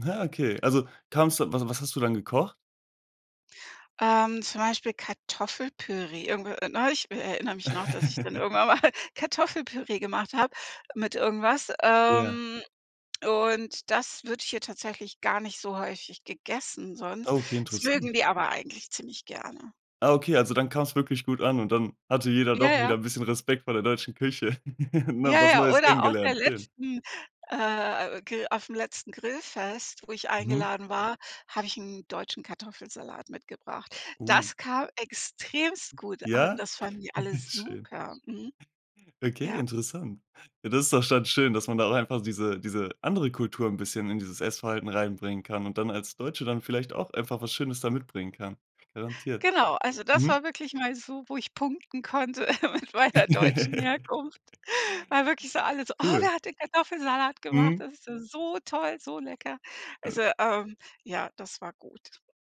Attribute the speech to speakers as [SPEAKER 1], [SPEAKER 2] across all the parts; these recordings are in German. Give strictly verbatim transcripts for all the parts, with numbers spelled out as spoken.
[SPEAKER 1] Ah, okay. Also, kam es da was was hast du dann gekocht?
[SPEAKER 2] Ähm, zum Beispiel Kartoffelpüree. Irgendwie, äh, neulich, w äh, erinnere mich noch, dass ich dann irgendwann mal Kartoffelpüree gemacht habe mit irgendwas,
[SPEAKER 1] Ja.
[SPEAKER 2] ähm, und das wird hier tatsächlich gar nicht so häufig gegessen sonst.
[SPEAKER 1] Okay,
[SPEAKER 2] Das
[SPEAKER 1] interessant.
[SPEAKER 2] mögen die aber eigentlich ziemlich gerne.
[SPEAKER 1] Ah, okay, also dann kam es wirklich gut an und dann hatte jeder
[SPEAKER 2] Ja,
[SPEAKER 1] doch wieder
[SPEAKER 2] ja.
[SPEAKER 1] 'n bisschen Respekt vor der deutschen Küche und
[SPEAKER 2] Ja,
[SPEAKER 1] hat was
[SPEAKER 2] ja.
[SPEAKER 1] Neues
[SPEAKER 2] Oder auf der
[SPEAKER 1] kennengelernt. Schön!
[SPEAKER 2] letzten, äh, Gr aufm letzten Grillfest, wo ich
[SPEAKER 1] Mhm.
[SPEAKER 2] eingeladen war, habe ich 'n deutschen Kartoffelsalat mitgebracht.
[SPEAKER 1] Oh.
[SPEAKER 2] Das kam extremst gut an.
[SPEAKER 1] Ja?
[SPEAKER 2] Das fanden die alle
[SPEAKER 1] Schön.
[SPEAKER 2] super. Mhm.
[SPEAKER 1] Okay,
[SPEAKER 2] Ja.
[SPEAKER 1] interessant. Ja, das ist doch dann schön, dass man da auch einfach diese diese andere Kultur 'n bisschen in dieses Essverhalten reinbringen kann und dann als Deutsche dann vielleicht auch einfach was Schönes da mitbringen kann. Garantiert.
[SPEAKER 2] Genau. Also das
[SPEAKER 1] Mhm.
[SPEAKER 2] war wirklich mal so, wo ich punkten konnte mit meiner deutschen Herkunft. Weil wirklich so alle so: „Oh,
[SPEAKER 1] Cool.
[SPEAKER 2] wer hat denn Kartoffelsalat gemacht?
[SPEAKER 1] Mhm.
[SPEAKER 2] Das ist ja so toll, so lecker.“
[SPEAKER 1] Äh.
[SPEAKER 2] Also, ähm, ja, das war gut.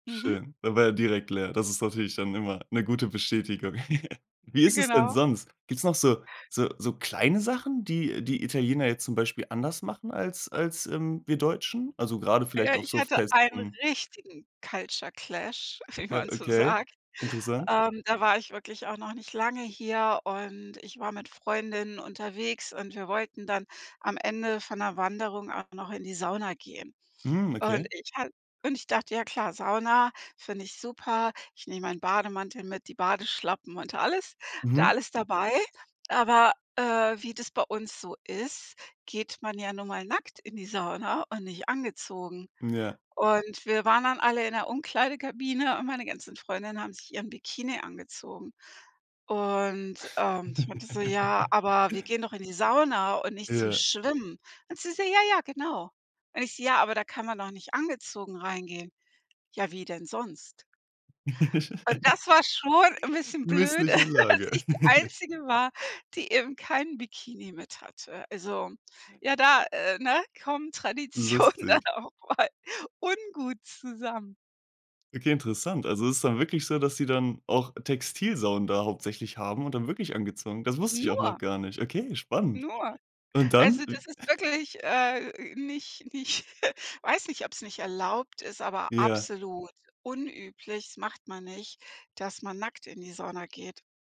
[SPEAKER 2] Mhm.
[SPEAKER 1] Schön. Da war er direkt leer. Das ist natürlich dann immer 'ne gute Bestätigung. Wie ist es denn
[SPEAKER 2] Genau.
[SPEAKER 1] sonst? Gibt es noch so so so kleine Sachen, die die Italiener jetzt zum Beispiel anders machen als als, ähm, wir Deutschen? Also, gerade
[SPEAKER 2] Ja,
[SPEAKER 1] vielleicht auf
[SPEAKER 2] ich
[SPEAKER 1] so
[SPEAKER 2] hatte einen
[SPEAKER 1] Festen.
[SPEAKER 2] richtigen Culture Clash, wie man so
[SPEAKER 1] Okay,
[SPEAKER 2] sagt.
[SPEAKER 1] interessant.
[SPEAKER 2] Ähm, da war ich wirklich auch noch nicht lange hier und ich war mit Freundinnen unterwegs und wir wollten dann am Ende von 'ner Wanderung auch noch in die Sauna gehen.
[SPEAKER 1] Mhm,
[SPEAKER 2] Und
[SPEAKER 1] okay.
[SPEAKER 2] ich hat und ich dachte, ja klar, Sauna finde ich super. Ich nehme meinen Bademantel mit, die Badeschlappen und alles hatte
[SPEAKER 1] Mhm.
[SPEAKER 2] alles dabei. Aber, äh, wie das bei uns so ist, geht man ja nun mal nackt in die Sauna und nicht angezogen.
[SPEAKER 1] Ja.
[SPEAKER 2] Und wir waren dann alle in der Umkleidekabine und meine ganzen Freundinnen haben sich ihren Bikini angezogen. Und, ähm, ich meinte so: „Ja, aber wir gehen doch in die Sauna und nicht zum
[SPEAKER 1] Ja.
[SPEAKER 2] Schwimmen.“ Und sie so: „Ja, ja, genau.“ Und ich so: „Ja, aber da kann man doch nicht angezogen reingehen.“ „Ja, wie denn sonst?“ Und das war schon 'n bisschen blöde,
[SPEAKER 1] Missliche
[SPEAKER 2] dass
[SPEAKER 1] Lage.
[SPEAKER 2] ich die Einzige war, die eben keinen Bikini mit hatte. Also ja, da äh, ne, kommen Tradition dann
[SPEAKER 1] Lustig.
[SPEAKER 2] auch mal ungut zusammen.
[SPEAKER 1] Okay, interessant. Also, es ist dann wirklich so, dass sie dann auch Textil-Saunen da hauptsächlich haben und dann wirklich angezogen. Das wusste ich auch
[SPEAKER 2] Nur!
[SPEAKER 1] noch gar nicht. Okay, spannend.
[SPEAKER 2] Nur!
[SPEAKER 1] Und dann?
[SPEAKER 2] Also das ist wirklich, äh, nicht nicht weiß nicht, ob es nicht erlaubt ist, aber
[SPEAKER 1] Ja.
[SPEAKER 2] absolut unüblich, das macht man nicht, dass man nackt in die Sauna geht.